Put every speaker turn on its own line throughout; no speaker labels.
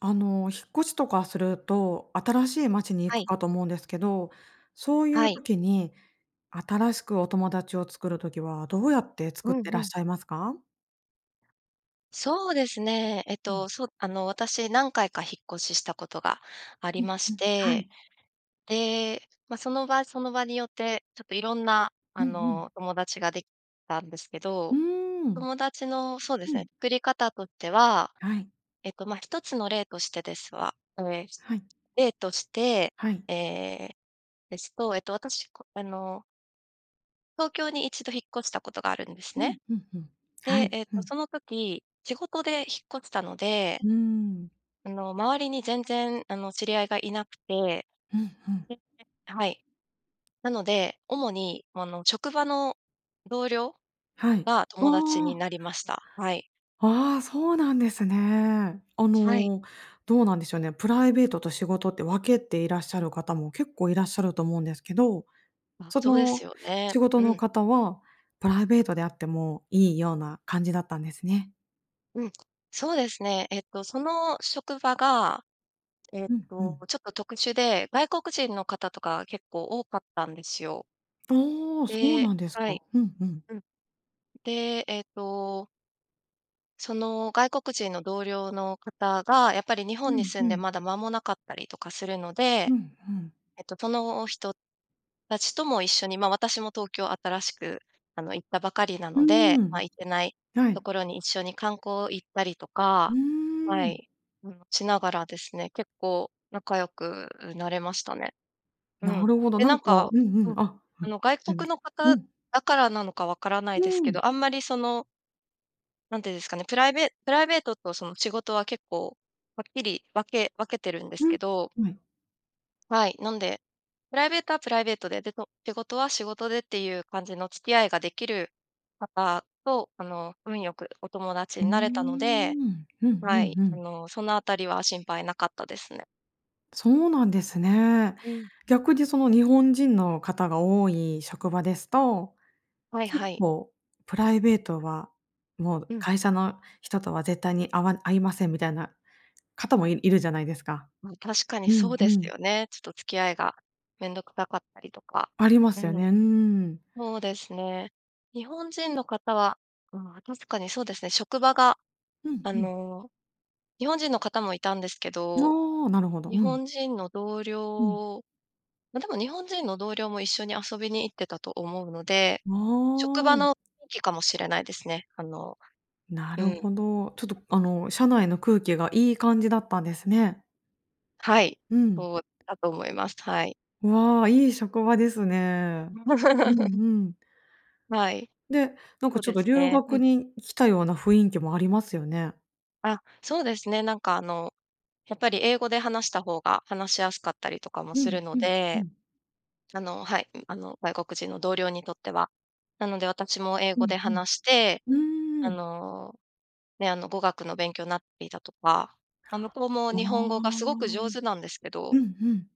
あの、引っ越しとかすると、新しい街に
は
行く
い。
かと思うんですけど、そうい
は
う
い。
時に新しくお友達を作る時はどうやって作っ
うん
てら
う
っ
ん。
しゃいますか？
そうですね。えっ
う
と
ん。
そあの、私何回か引っ越ししたことがあり
うん、
まし
うん、は
て、
い。
で、ま、その場その場によってちょっといろんな
う
あ
んうん。
の、友達ができたんですけ
う
ど、
ーん。
友達のそうで
う
すね、
ん。
作り方としては、
はい。
えっと、まあ一つの例としてですは、ええ、
はい。
例として、
はい。
ええ、ですと、えっと、私こあの東京に1度引っ越したことがあるんです
うん、
ね。
うん、うん。は
で、
い。
えっ
う
と、
ん。
その時仕事で引っ越したので
うーん。
あの、周りに全然あの、知り合いがいなくて、
うん、ふん。
でではい。なので、主に、あの、職場の同僚？
はい。
が
あ
友達に
あ。
なりました。はい。
ああ、そうなんですね。あ
はい。
の、どうなんでしょうね、プライベートと仕事って分けていらっしゃる方も結構いらっしゃると思うんですけど、
あ、
そ
そうです
の、
よね。
仕事
う
の
ん。
方はプライベートで会ってもいいような感じだったんですね。
うん、そうですね。ええと、その職場が、ええ
うん、う
と、
ん。
ちょっと特殊で、外国人の方とかが結構多かったんですよ。
ああ、そう
で
なんです
は
か。
い。
うんうん。
うん。で、えとその、外国人の同僚の方が、やっぱり日本
う
に
ん、
住ん
う
で
ん。
まだ間もなかったりとかするので、
うんうん。
えと、その人たちとも一緒にまあ、私も東京新しく、あの、行ったばかりな
う
の
ー
で、ま
ん、
あ、行ってない
は
と
い。
ころに一緒に観光行ったりと
う
か、
ー
は
ん。
い、うん、しながらですね、結構仲良くなれましたね。う
な
ん。
るほど、
で、
な
な
ん
ん
かう
か
ん
う
うん、
ん。
あ、うん、
あ
す
の、外
いま
国の
せんう
方
ん。
だからなのか分からな
う
いです
ー
け
ん。
ど、あんまり、そのなんてゆんですかね、プライベプライベートとその仕事は結構はっきり分け分けてるんです
ん、
けど
はい。
はい、なんで、プライベートはプライベートで、で、そ仕事は仕事で、ていう感じの付き合いができる方と、あの、運良くお友達
う-ん、
になれたので、
うんう
は
ん
い、
う
あ
ん。
の、そのあたりは心配なかったですね。
そうなんですね。
うん。
逆にその、日本人の方が多い職場ですと、
はい
結
はい。
構プライベートはもう
うん。
会社の人とは絶対にあわ会いませんみたいな方もいいるじゃないですか。
ま、確かに
う
そ
ん、
う
う
です
ん。
よね。ちょっと付き合いがめんどくさかったりとか
ありま
う
すよ
ん。
ね。うん。
そうですね。日本人の方はああ、確かにそうですね、職場が
うん、
あ
ふん。
の、日本人の方もいたんですけど
ああ、なるほど、う
日
ん。
本人の同
うん。
僚ま、でも日本人の同僚も一緒に遊びに行ってたと思うので、職
あ
場
あ。
の雰囲気かもしれないですね。あの
な
う
る
ん。
ほど。ちょっとあの、社内の空気がいい感じだったんですね。
はい、
うん。
そうだと思います。はい。
わあ、いい職場ですね。うん うん。
はい。
で、なんか
そう
ちょっ
で
と
す
留
ね、う
学
ん。
に来たような雰囲気もありますよね。
あ、そうですね。なんか、あの、やっぱり英語で話したほうが話しやすかったりとかも
う
する
ん、
の
ふん、ふ
で、
ん。
あのはい、あの、外国人の同僚にとっては。なので私も英
う
語
ん、
で
ふん。
話して、
う
あ
ーん。
の、ね、あの、語学の勉強なっていたとか、ま、向こうも
おお。
日本語がすごく上手なんですけど
うん、ふん。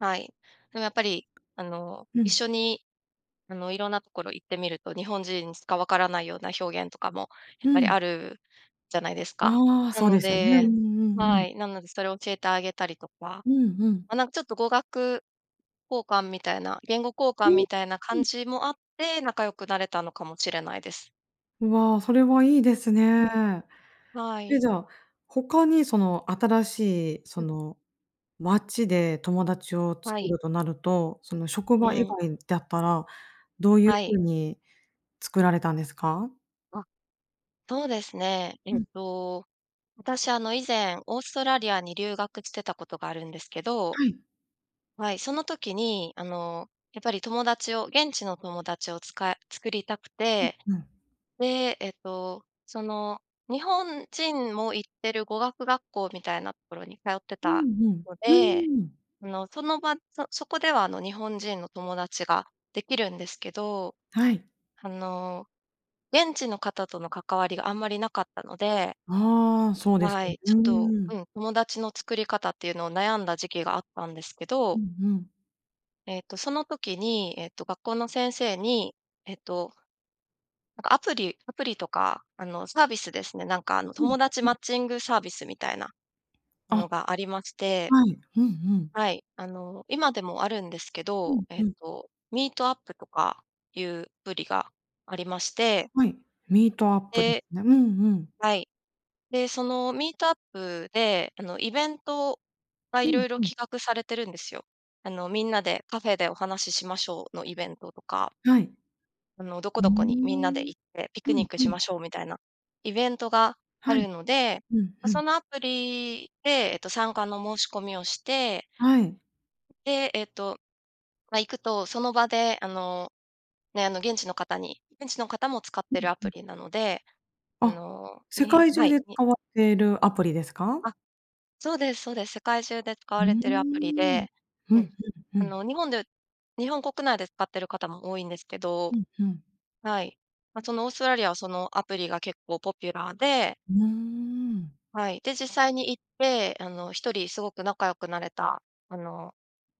はい。なんかやっぱり、あの、
う
一
ん。
緒にあの、色んなところ行ってみると、日本人にしか分からないような表現とかもやっ
う
ぱり
ん。
あるじゃないですか。
ああ、
な
そう
の
ですよね。うんう
で
んう
は
ん。
い、なのでそれを教えてあげたりとか。
うんうん。
ま、なんかちょっと語学交換みたいな言語交換
ん、
みたいな
ふ
感
ん。
じもあって仲良くなれたのかもしれないです。
うわ、それはいいです
う
ね。
ん、は
え、
い。
じゃあ、他にその新しいそ
うん。
の街で友達を
は
作
い。
るとなると、その、職
う
場以
ん。
外だったら、どういう
はい。
風に作られたんですか？
あ、そうですね。え
う
っ
ん。
と、私、あの、以前オーストラリアに留学してたことがあるんですけど
はい。
はい、その時にあの、やっぱり友達を、現地の友達をつか作りたく
うん
て、
うん。
で、えっと、その、日本人も行ってる語学学校みたいなところに通って
うん
た
うん、
ので、
うーん。
あの、その場そそこではあの、日本人の友達ができるんですけど、
はい。
あの、現地の方との関わりがあんまりなかったので
ああ、そうです
は
よ
い、ち
う
ょっと
ーん。
うん、友達の作り方っていうのを悩んだ時期があったんですけ
う
ど
んうん。
えと、その時に、えと、学校の先生に、えっとなんかアプリアプリとかあの、サービスですね、なんかあの、
うん、
友達
う
マ
ん。
ッチングサービスみたいなの
あ、
がありまして
はい。うんうん。
はい、あの、今でもあるんですけ
う
ど、
ん
え
う
え
ん。
と、Meetup とかいうブリがありまして。
はい、Meetup です
で、
ね。うん、うん。
はい。で、その、Meetup で、あの、イベントが
う
色
ん、
々
うん。
企画されてるんですよ。あの、みんなでカフェでお話ししましょうのイベントとか
はい。
あの、どこ
うー
どこにみんなで
ん。
行って、ピク
う
ニ
ん
ック
う
しま
ん。
しょうみたいな、イベントがあ
はい。
るので、
うん
ま、
うん。
そのアプリで、えと、参加の申し込みをして
はい。
で、えっと、ま、行くとその場であの、ね、あの、現地の方に現地の方も使っ
うん
てるア
う
プ
ん。
リなので、あ
あ、
の、
世
に
界
は
中
い、
で
に
かわてるアプリですか？
あ、そうですそうです。世界中で使
う
わ
ー
れてるアプリ
ん、
で、
うん
うん。
うんう
あ
ん。
の、日本で日本国内で使ってる方も多いんですけど
うんうん。
はい。ま、その、オーストラリアはそのアプリが結構ポピュラーで。
うーん。
はい、で、実際に行って、あの、1人すごく仲良くなれたあの、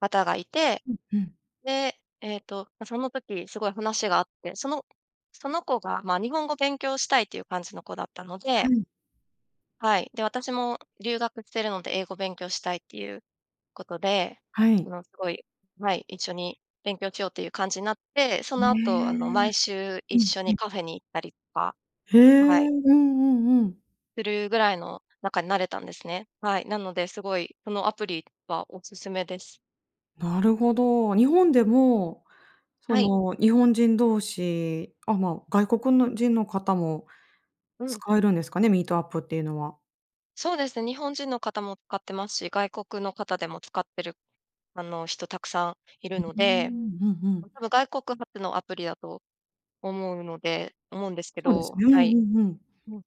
方がいて、
うんうん。
で、えっと、ま、その時すごい話があって、そのその子が、ま、日本語勉強したいっていう感じの子だったの
は
で
い。
はい、で、私も留学してるので英語勉強したいっていうことで、
は
あ
い。
の、すごい、はい、一緒に勉強しようという感じなって、そ
う
のあと、あの、
ーん。
毎週
う
一
ん
緒
う
に
ん。
カフェに行ったりか、
へ
はい。
え、うんうんうん。
するぐらいの仲になれたんですね。はい。なので、すごいこのアプリはおすすめです。
なるほど。日本でも、そ
はい。
の、日本人同士、あ、ま、外国のじんの方も
うん。
使えるんですかね、Meetup っていうのは？
そうです、日本人の方も使ってますし、外国の方でも使ってる、あの、人、沢山いる
う、う
の
ー
で、
ん、うんうん。
多分、外国発のアプリだと思うので思うんですけ
そうです
ど
ね。うんう
はい。
んうん。
うん。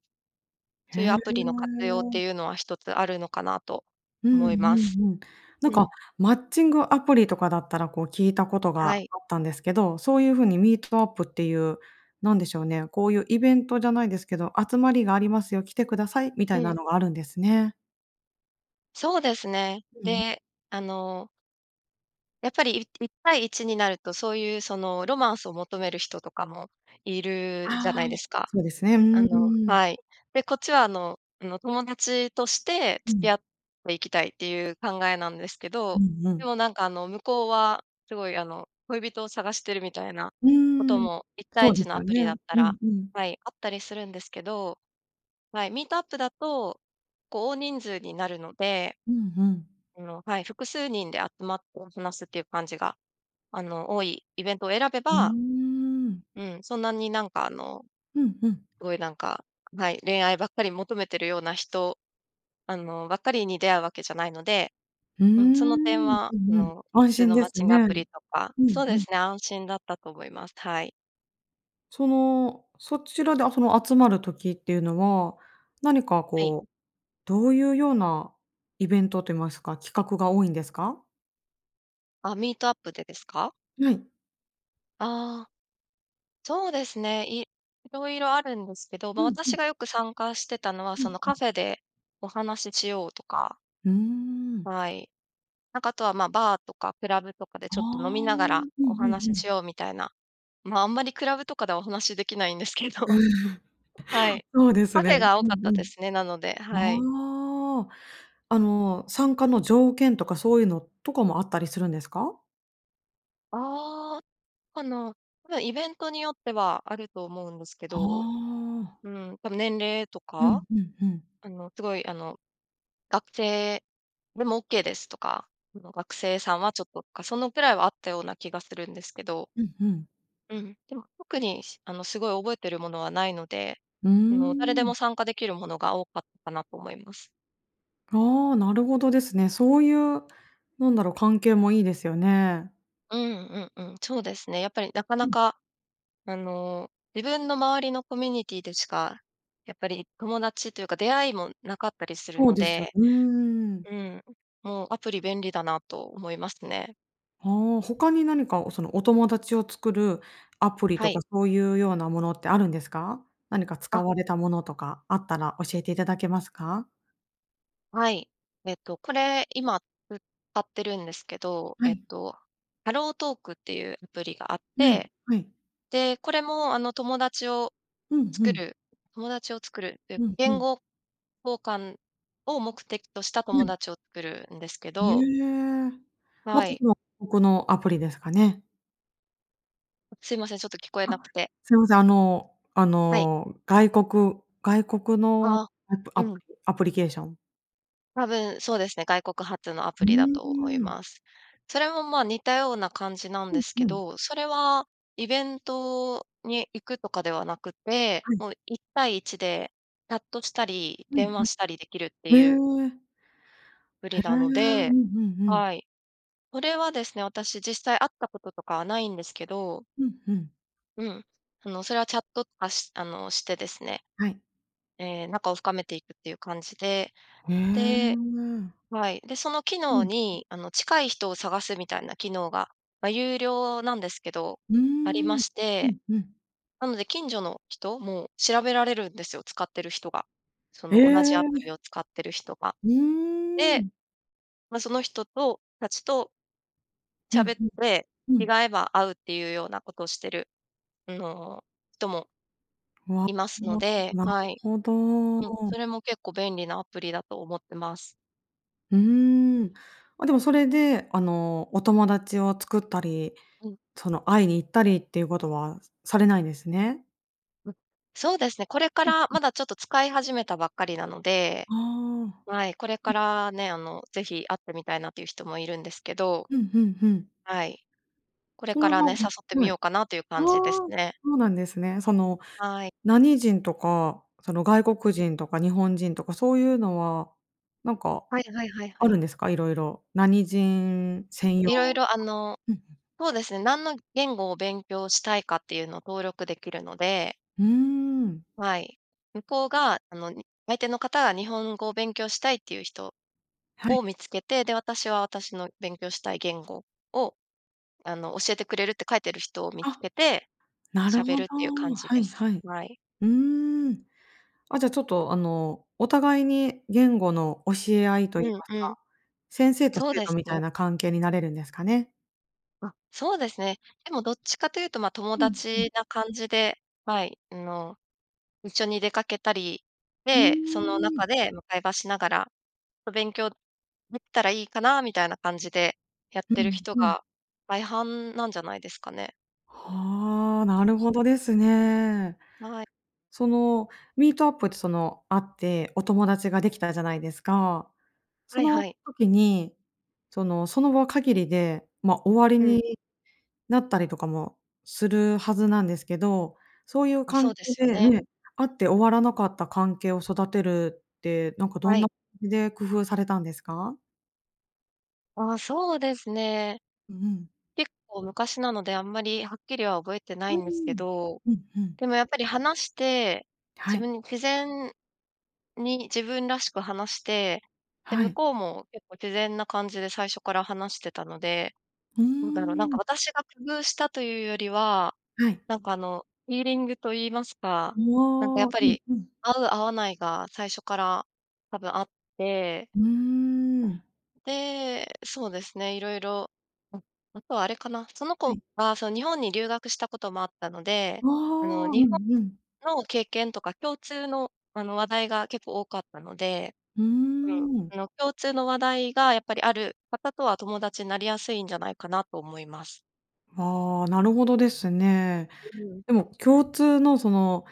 そ
へ
ういうアプリの活用って
え。
いうのは1つあるのかなと
うんう
思います。
んうん。なん
う
か、
ん。
マッチングアプリとかだったら、こう、聞いたこと
は
が
い。
あったんですけど、そういう風に Meetup っていう、なんでしょうね、こういうイベントじゃないですけど、集まりがありますよ、来てくださいみた
う
いな
ん。
のがあるんですね。
そうですね。
うん。
で、あのやっぱり、い1対1になると、そういう、その、ロマンスを求める人とかもいるじゃな
ああ、
いですか？
そうですね、う、
あ
う
の
ーん。
はい。で、こっちは、あのあの、友達として
う
付き
ん。
合っていきたいっていう考えなんですけ
う
ど、
んう
で
ん。
も、なんか、あの、向こうはすごい、あの、恋人を探してるみたいな
うー
こと
ん、
も、いったい
そ
い
うで
ち
す
のア
よ
プ
ね。
リだった
うん、
ら、
うん。
はい、あったりするんですけど、はい、Meetup だと、こう、大人数になるので、
うんうん。
あの、はい、複数人で集まって話すっていう感じが、あの、多いイベントを選べ
うー
ば、
ん。
うん、そんなに、なんか、あの、
うんうん。
すごい、なんか、はい、恋愛ばっかり求めてるような人、あの、ばっかりに出会うわけじゃないので、
うー
うん、その点
ん、
は、
う
あ
んうん。
の、
安
普通
心
の
で
マッ
す
チン
ね。
グアプリとか
う
そ
ん
う
う
で
ん。
すね、安心だったと思います。はい。
その、そちらでその集まる時っていうのは、何か
はい。
こうどういうようなイベントと言いますか、企画が多いんですか？
あ、ミートアップでですか？
はい。
ああそうですね、い色々あるんですけど、
う
ま、
んうん。
私がよく参加してたのは、
う
そ
ん
の、
うん。
カフェでお話ししようとか。
ふん。
はい。なんかあとはまあバーとかクラブとかで
あ
ちょっと飲み
あ、う
ながら
んう
お
んう
話しし
ん。
ようみたいな。ま、あんまりクラブとかではお話しできないんですけど、はい。
そうです
カフェ
ね。
が
う
多か
ん
った
う
で
ん。
すね、なので、はい。
ああ、あの参加の条件とかそういうのとかもあったりするんですか？
あ、あの、多分イベントによってはあると思うんですけ
は
ど、
あ。
うん、多分年齢と
う
か。
んうんうん。
あのすごいあの学生でもオッケーですとか、その学生さんはちょっととかそのくらいはあったような気がするんですけど。
うんうん。
うん、でも特にあのすごい覚えてるものはないので、
うー
あの、誰でも
ん。
参加できるものが多かったなと思います。
ああ、なるほどですね。そういう、なんだろう、関係もいいですよね。
うん、うん、うん、そうですね。やっぱり、なか
う
な
ん。
か、あの、自分の周りのコミュニティでしか、やっぱり、友達っていうか出会いもなかったりする
そう
の
ですよ
で
うーん。
うん、もう、アプリ便利だなと思いますね。
ああ、他に何か、その、お友達を作るアプリ
は
と
い。
か、そういうようなものってあるんですか？何か使
あ。
われたものとかあったら教えていただけますか？
はい。えっと、これ、今、うたってるんですけど、
は
えっ
い。
と、HelloTalk っていうアプリがあっ
はい、
て。
はい。
で、これも、あの、友達を
うんう
作
ん。
る友達を作るっていうか、
うん、う
言
ん。
語交換を目的とした
は
友
い。
達を作るんですけ
へ
ど
え、ま、
はい。
ここのアプリですかね。
すいません、ちょっと聞こえ
あ、
なくて。
すいません。あの、あ
はい。
の、外国外国の
あ、う
アプアプ
ん。
リアプリケーション
多分そうですね、外国発のア
う
プ
ー
リだと思い
ん。
ます。それもまあ似たような感じなん
ふ
で
ん
す
ふ
け
ん。
ど、それは、イベントに行くとかではなくて、
はい。
もう一対一で、チャットしたり、
うん、
電
ふ
話したりできるっていう
ん。ええ。
アプ
へ
リ
え。
なの
う
で
んうんうん。
はい。それはですね、私実際会ったこととかはないんですけど。
うん、ふん。
うん、あのそれはチャットとか、しあの、してですね。
はい。
え、仲を深めていくっていう感じで。
へえ。
ではい。で、その機
う
能
ん。ふ。
にあの、近い人を探すみたいな機能が、ま、有料なんですけど、
う
ありま
ん。
し
う
て、
んうん。
なので近所の人も調べられるんですよ、使ってる人が。そ
へ
の同じアプリ
え。
を使ってる人が。
うー
で、
ん。
ま、その人とたちと
ふん
喋っ
ふん。
て、
う
気が
ん。
合えば会うっていうようなことをしてるあの、人も
うわ
います
う
の
わ、
で、
なる
はい。
ほ
うん、
ど。
それも結構便利なアプリだと思ってます。
うーん、ま、でもそれで、あの、お友達を作ったり、
うん。
その会いに行ったりっていうことはされないんですね？
うん、そうですね、これか
うん
ら
うん。
まだちょっと使い始めたばっかりなので、
ああ。うん、ん。
はい、これからね、あの、是非会ってみたいなっていう人もいるんですけど。
ふんふんふん。
はい。これ
その
からね、誘 って
は
み
い。
ようかなという
あ
感じです
あ、
ね。
そうなんですね。その
はい。
何人とかその外国
ん。
人とか日本人とかそういうのはなんか
はいはいはいは
ある
い。
んですか？いろいろ。何人専用
色
とか。
々あの、
うん、ふん。
そうですね、何の言語を勉強したいかっていうのを登録できるので
うーん。
はい、向こうがあの、相手の方が日本語を勉強したいっていう人
はい。
を見つけて、で、私は私の勉強したい言語を、あの、教えてくれるって書いてる人を見つ
あ、
けて、
なる
喋
ほ
る
ど、
っていう感じ
は
で
い
す。
はい。
はい。
うーん、あ、じゃあちょっとあのお互いに言語の教え合いと言い
うん
ます
うん。
か、先生と
そう
生
で
徒
す
みたい
ね。
な関係になれるんですかね？
あ、そうですね。でもどっちかというとま、友
うん、うん。
達な感じではい、あの、一緒に出かけたり
う
で、その
ーん。
中でま、会話しながら、ま、勉強できたらいいかなみたいな感じでやっ
う
てる
ん、
人
うん。
が大半なんじゃないですかね。
はあ、な
う
る
ん。
ほどですね。
はい。
そのミートアップってその、会ってお友達ができたじゃないですか、そ
はいは
の
い。
時にその、その場限りでま、終わり
うん。
になったりとかもするはずなんですけど、そういう
あ、そ
関
う
係
ですよ
で、
ね。
ね、会って終わらなかった関係を育てるってなんかど
は
ん
い。
な、じで工夫されたんですか？
ああ、そうですね。
う、うん。
結構昔なので、あんまりはっきりは覚えてな
う
いん
ー
ですけ
ん、
ど、
うん、うん。
でもやっぱり話して、
は
自
い。
分に自然に自分らしく話して、で
は
向
い。
こうも結構自然な感じで最初から話してたので、
うー
どうだろう、なんか
ん。
私が工夫したというよりは、
はい。
なんかあの、フィーリングと言いますか、
ん、
なんかやっ
わあ、
ぱ
うん、
り
うん。
合う合わないが最初から多分あって
うーん。
で、そうですね、いろいろうん、あとはあれかな、その
は
子
い。
はその、日本に留学したこともあったので、
わあ、
あの、
う
日本
んうん。
の経験とか共通のあの、話題が結構多かったので
うー
うん、
ん。
あの、共通の話題がやっぱりある方とは友達になりやすいんじゃないかなと思います。
ああ、なるほどですね。
うん。
でも、共通のその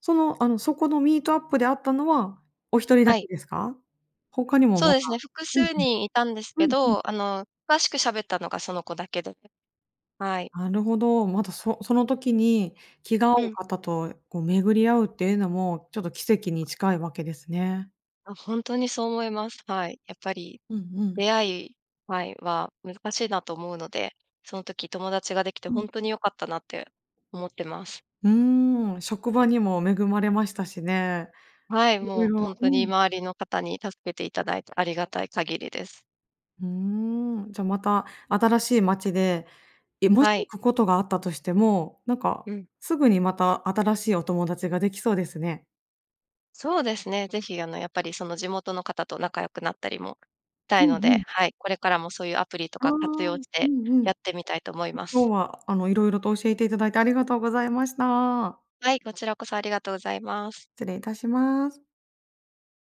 そのあの、そこの Meetup であったのはお一人だ
は
け
い。
ですか？他にも
そう
ま
で
だ
すね、複
うん
数
うん。
人いたんですけ
うんうん。
ど、あの、詳しく喋ったのがその子だけで、はい。
なるほど。まだそその時に気が合
う
う
ん。
方とこう、巡り合うっていうのもちょっと奇跡に近いわけですね。
あ、ほんとにそう思います。はい。やっぱり
うん、うん。
出会いはい、は難しいなと思うので、その時友達ができて
うん、
ほんと
う。
に良かったなって思ってます。
うーん、職場にも恵まれましたしね、
はい、
いろ
も
い
う
ろ
ほんと
う
に
ん。
周りの方に助けていただいてありがたい限りです。
うーん、じゃ、また新しい街で、え、もし
は
行
い。
くことがあったとしても、なんか
うん。
すぐにまた新しいお友達ができそうですね。
そうですね、是非あの、やっぱりその、地元の方と仲良くなったりも、た
う
いの
んう
で、
ん。
はい、これからもそういうアプリと
ああ、
か
う
活用
ん
して
う
や
ん。
ってみたいと思い
あ、
ま
今
す。
日はあの、色々と教えていただいてありがとうございました。
はい、こちらこそありがとうございます。
失礼いたします。